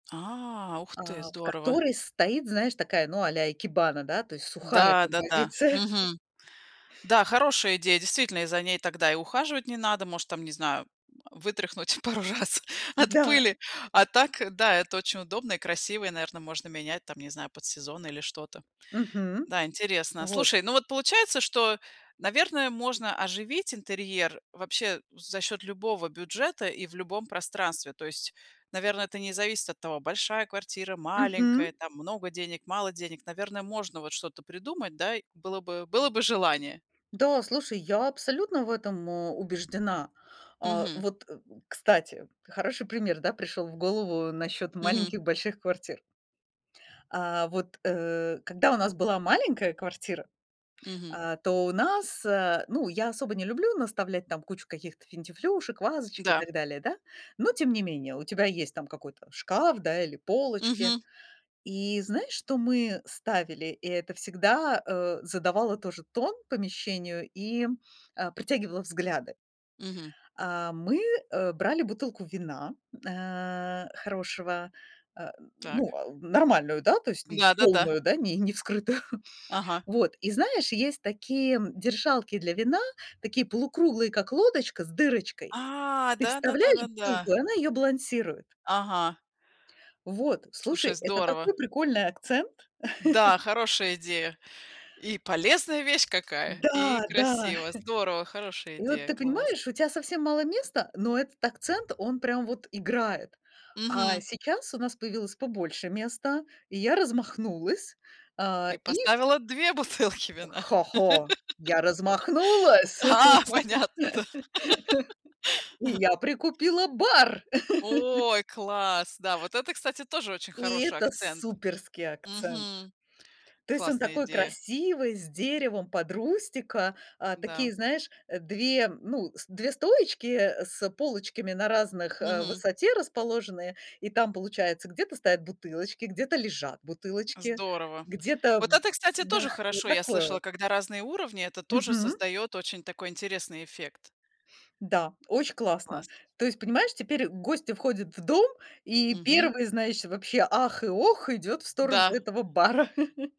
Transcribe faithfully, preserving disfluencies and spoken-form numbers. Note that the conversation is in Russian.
А, ух ты, А, в здорово! которой стоит, знаешь, такая, ну, а-ля икебана, да, то есть сухая Да, да-да. композиция. Мгм, да, хорошая идея. Действительно, и за ней тогда и ухаживать не надо, может там, не знаю, вытряхнуть пару раз от Да! пыли а так, да, это очень удобно и красиво и, наверно, можно менять, там не знаю, под сезон, или что-то. Мгм, Да, интересно. вот. Слушай, ну вот получается, что, наверное, можно оживить интерьер вообще за счет любого бюджета и в любом пространстве. То есть, наверно, это не зависит от того, большая квартира, Мгм. маленькая, там много денег, мало денег. Наверно, можно вот что-то придумать, да, было бы было бы желание. Да, слушай, я абсолютно в этом, э, убеждена. А, Мгм. вот, к кстати, хороший пример, да, пришёл в голову насчёт Мгм. маленьких больших квартир. А, вот, э, когда у нас была маленькая квартира, Мгм. а, то у нас, э, ну, я особо не люблю наставлять там кучу каких-то финтифлюшек, вазочек и Да. так далее, да, но тем не менее, у тебя есть там какой-то шкаф, да, или полочки. Мгм. И знаешь, что мы ставили? И это всегда, э, задавало тоже тон помещению и, э, притягивало взгляды. Мгм. А, мы, э, брали бутылку вина, э, хорошего, э, ну, Так. э, нормальную, да, то есть ни Да-да-да. полную, да, не не вскрытую. Ага. Вот, и знаешь, есть такие держалки для вина, такие полукруглые, как лодочка с дырочкой. А, Ты да да да вставляешь да да. бутылку, и она её балансирует. Ага. Вот, Слушай, слушай, это здорово. такой прикольный акцент. Да, хорошая идея. И полезная вещь какая, и Да! Да! красиво. Здорово, хорошая И вот идея, ты класс. понимаешь, у тя совсем мало места, но этот акцент, он прям вот играет. А Мгм. сейчас у нас появилось побольше места, и я размахнулась, а, Ты и ку поставила две бутылки вина. хо-хо, я размахнулась! А, понятно, да. И я прикупила бар. Ой, класс! Да, вот это, кстати, тоже очень И хороший это акцент! суперский акцент. Мгм, То есть он классная такой идея. красивый, с деревом под рустика, а, Да. такие, знаешь, две, ну, с две стоечки, э, с полочками на разных, э, Мгм. высоте расположены, и там получается где-то стоят бутылочки, где-то лежат бутылочки, Здорово. где-то Вот это, кстати, Да, тоже вот хорошо. Я такое слышала, вот. когда разные уровни- это тоже Мгм. создает очень такой, интересный эффект. Да, очень Классно. классно. То есть понимаешь, теперь гости входят в дом, и Мгм. первый, знаешь, вообще "ах" и "ох" идёт в сторону Да. этого бара.